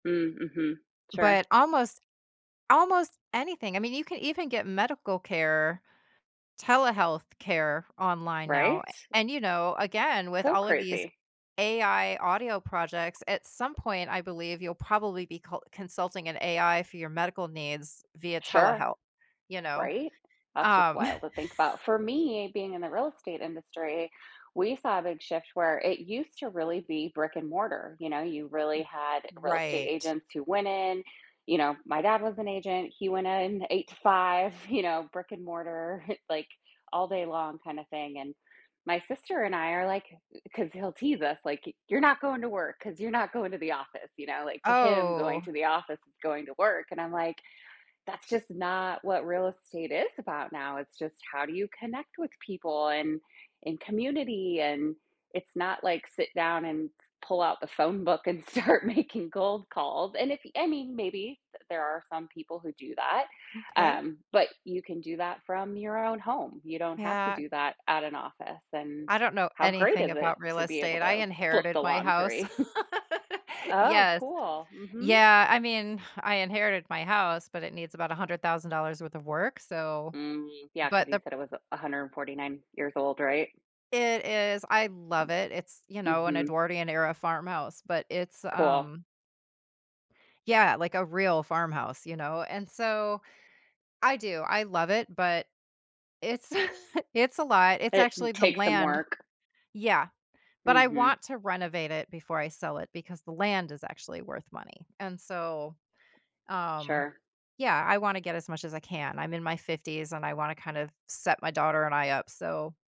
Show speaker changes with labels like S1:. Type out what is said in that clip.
S1: Mm, mhm. Sure.
S2: But almost almost anything, I mean, you can even get medical care, telehealth care online now,
S1: Right?
S2: a and, you know, again, with
S1: So
S2: all of these
S1: crazy.
S2: AI audio projects, at some point, I believe you'll probably be col consulting an AI for your medical needs via
S1: Sure,
S2: telehealth, you know.
S1: right? That's just
S2: Um
S1: wild to think about. For me, being in the real estate industry, we saw a big shift where it used to really be brick-and-mortar, you know, you really had real estate
S2: Right.
S1: agents who went in you know, my dad was an agent, he went in 8 to 5, you know, brick-and-mortar, like, all day long kinda thing and my sister and I are, like 'cause he'll tease us, like, "Y you're not going to work 'cause you're not going to the office," you know, like, to him, going
S2: Oh.
S1: to the office is going to work and I'm like, "That's just not what real estate is about now. It's just how do you connect with people and, in community, and it's not, like, sit down and f pull out the phone book and start making cold calls." And if I mean, maybe there are some people who do that,
S2: Okay.
S1: um, but you can do that from your own home. You don't have to
S2: Yeah.
S1: do that at an office and
S2: I don't know
S1: how great
S2: anything
S1: is it
S2: about real
S1: to be able
S2: estate, I
S1: to flip the
S2: inherited my house.
S1: laundry. Oh,
S2: Yes,
S1: cool, mhm.
S2: yeah, I mean, I inherited my house, but it needs about $100,000 worth of work, so
S1: Mm, yeah, 'cause
S2: but
S1: you
S2: the
S1: said it was a 149 years old, right?
S2: It is, I love it. It's, you know, an
S1: Mhm.
S2: Edwardian-era farmhouse, but it's,
S1: Cool.
S2: um Yeah, like, a real farmhouse, you know, and so I do, I love it, but it's it's a lot, it's actually
S1: It
S2: the
S1: takes some
S2: land
S1: work.
S2: Yeah, but I
S1: Mhm.
S2: want to renovate it before I sell it, because the land is actually worth money, and so, um,
S1: Sure.
S2: yeah, I wanna get as much as I can, I'm in my 50s and I wanna kind of set my daughter and I up, so